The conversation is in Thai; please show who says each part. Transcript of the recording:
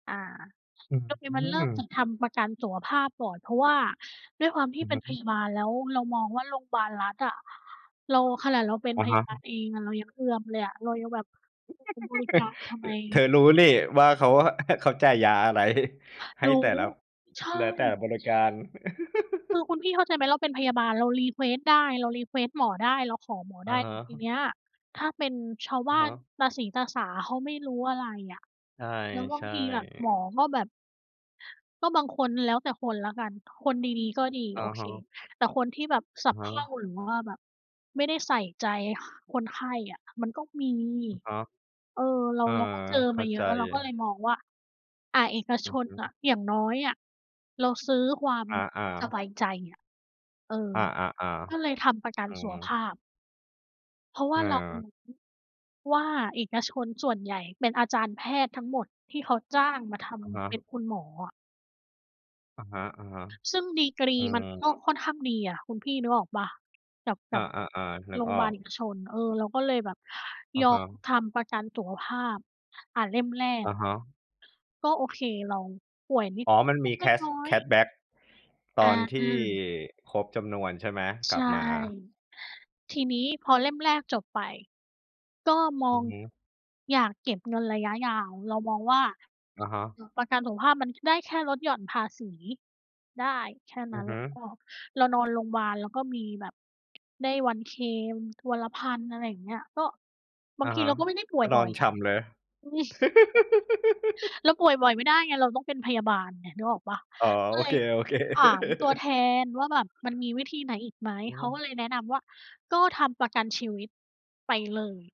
Speaker 1: อา
Speaker 2: อื
Speaker 1: โอเค มันเริ่มจ
Speaker 2: ม
Speaker 1: ะทำประกันสุขภาพก่อน เพราะว่าด้วยความที
Speaker 2: อื
Speaker 1: ่
Speaker 2: อ
Speaker 1: เป็
Speaker 2: ฮ
Speaker 1: นพ
Speaker 2: ึ
Speaker 1: ยาบาล แล้วเรามองว่าโรงบาลรัฐอะ เรา ขนาดเราเป็น
Speaker 2: อะ
Speaker 1: พ
Speaker 2: ฮ
Speaker 1: ย
Speaker 2: ะ
Speaker 1: าบาลเองอะ เรายังเอือมเลยอะ เรายังแบบ [unintelligible] บริจาคทำ
Speaker 2: อ
Speaker 1: ไม?
Speaker 2: เธอรู้นี่ว่าเขาอะ เขาจ่ายยาอะไร ให้
Speaker 1: รู้
Speaker 2: แต่ละ
Speaker 1: ใช
Speaker 2: แล้วแต่
Speaker 1: ่
Speaker 2: บริการ
Speaker 1: คือคุณพี่เข้าใจไหม เราเป็นพยาบาลเรา รีเควสต์ ได้ เรา รีเควสต์ หมอได้ เราขอหมอ
Speaker 2: อ
Speaker 1: ไ
Speaker 2: ะ
Speaker 1: ด้
Speaker 2: ฮ
Speaker 1: แต่ที
Speaker 2: ะ
Speaker 1: เนี้ยถ้าเป็นชาว
Speaker 2: อ
Speaker 1: บ
Speaker 2: ะ
Speaker 1: ้า
Speaker 2: ฮ
Speaker 1: น
Speaker 2: ะ
Speaker 1: ตาสีตาสาเขาไม่รู้อะไรอะ แล้วบ
Speaker 2: ใ
Speaker 1: า
Speaker 2: ช
Speaker 1: ง
Speaker 2: ่
Speaker 1: ทีแบบหม
Speaker 2: ๆ
Speaker 1: อก็แบบ ก็ บางคน แล้วแต่คนละกัน ถ้าคนดี ๆ ก็ดี
Speaker 2: อะ
Speaker 1: โอเ
Speaker 2: ฮ
Speaker 1: ค
Speaker 2: ะ
Speaker 1: แต่คนที่แบบส
Speaker 2: อ
Speaker 1: ะ
Speaker 2: ะฮ
Speaker 1: เพร
Speaker 2: ะ
Speaker 1: ่า หรือว่าแบบไม่ได้ใส่ใจ ห คนไข้อะมันก็มี
Speaker 2: อะฮะ
Speaker 1: เออ เรา
Speaker 2: เออ
Speaker 1: เราก็เจอ
Speaker 2: เข
Speaker 1: ม
Speaker 2: ้
Speaker 1: า
Speaker 2: า
Speaker 1: เย
Speaker 2: ใจ
Speaker 1: อะ เราก็เลยมองว่า อา เอก
Speaker 2: อ
Speaker 1: ช
Speaker 2: ือฮ
Speaker 1: นน่ะ
Speaker 2: ึ
Speaker 1: อย่างน้อยอะเราซื้อความ
Speaker 2: อา
Speaker 1: ส
Speaker 2: ๆ
Speaker 1: บายใจอะ เออ
Speaker 2: อา
Speaker 1: ก็เล
Speaker 2: ๆ
Speaker 1: ยทำประกั
Speaker 2: ๆ อ
Speaker 1: น
Speaker 2: ื
Speaker 1: สุขภ
Speaker 2: อ
Speaker 1: าพ เพราะว่าเราร
Speaker 2: เออ
Speaker 1: ู้ว่าเอกชนส่วนใหญ่เป็นอาจารย์แพทย์ทั้งหมดที่เขาจ้างมาท
Speaker 2: อะฮ
Speaker 1: ำ เป็น
Speaker 2: ะ
Speaker 1: คุณหมออะ
Speaker 2: อะฮะ
Speaker 1: ซึ่งดีกร
Speaker 2: ๆ
Speaker 1: ี
Speaker 2: อือ
Speaker 1: มั
Speaker 2: ฮ
Speaker 1: นก็
Speaker 2: ึ
Speaker 1: ค่อนข้างดีอะคุณพี่นึกออกเปล่า กับ
Speaker 2: อ
Speaker 1: กั
Speaker 2: า
Speaker 1: บ
Speaker 2: ๆ ๆ นึ
Speaker 1: โร
Speaker 2: ก
Speaker 1: ง
Speaker 2: ออ
Speaker 1: บา
Speaker 2: ก
Speaker 1: ลเอกชน เออ เราก็เลยแบบ
Speaker 2: อะ
Speaker 1: ย
Speaker 2: ฮ
Speaker 1: อม
Speaker 2: ะ
Speaker 1: ทำประกันสุขภาพ อ่า เล่มแร
Speaker 2: อ
Speaker 1: ก
Speaker 2: ะฮะ
Speaker 1: ก็ โอเค เราป่วยนิ
Speaker 2: อ๋อ
Speaker 1: ด
Speaker 2: มัน
Speaker 1: ๆ เล
Speaker 2: มีแค
Speaker 1: ็ก
Speaker 2: ช
Speaker 1: น้อ
Speaker 2: แค
Speaker 1: ย ๆ
Speaker 2: ชแบ็กตอน
Speaker 1: อ
Speaker 2: ที่
Speaker 1: า
Speaker 2: ครบจำนวนใช่ไหม?
Speaker 1: ใ
Speaker 2: ก
Speaker 1: ช
Speaker 2: ลับ
Speaker 1: ่
Speaker 2: มา
Speaker 1: ทีนี้พอเล่มแรกจบไป ก็ม
Speaker 2: อื
Speaker 1: อ
Speaker 2: อ
Speaker 1: ง
Speaker 2: ฮึ
Speaker 1: อยากเก็บเงินระยะยาว เรามองว่า
Speaker 2: อะฮะ
Speaker 1: เอ่อ ประกันสุขภาพมันได้แค่ลดหย่อนภาษีได้แค่
Speaker 2: อ
Speaker 1: น
Speaker 2: ื
Speaker 1: ั้
Speaker 2: อ
Speaker 1: น
Speaker 2: ฮ
Speaker 1: แ
Speaker 2: ึ
Speaker 1: ล้วก็เรานอนโรงบาลแล้วก็มีแบบได้วันเคลม วันละ 1,000 อะไรอย่างเงี้ย ก็บ
Speaker 2: อ
Speaker 1: า
Speaker 2: ะ
Speaker 1: งท
Speaker 2: ฮ
Speaker 1: ี
Speaker 2: ะ
Speaker 1: เราก็ไม่ได้ป่
Speaker 2: ก
Speaker 1: ว
Speaker 2: ็
Speaker 1: ย
Speaker 2: นอ
Speaker 1: บ่
Speaker 2: น
Speaker 1: อย
Speaker 2: ฉ่ำเลย
Speaker 1: อืม เราป่วยบ่อยไม่ได้ไง เราต้องเป็นพยาบาลไง นึกออกเปล่า
Speaker 2: อ๋อ
Speaker 1: ก
Speaker 2: โ
Speaker 1: ็
Speaker 2: อ
Speaker 1: เล
Speaker 2: เค
Speaker 1: ยถา
Speaker 2: ๆ
Speaker 1: มตัวแทนว่าแบบ "มันมีวิธีไหนอีกไหม?"
Speaker 2: อือ
Speaker 1: เข
Speaker 2: ฮ
Speaker 1: าก็
Speaker 2: ึ
Speaker 1: เลยแนะนำว่า "ก็ทำประกันชีวิตไปเลย"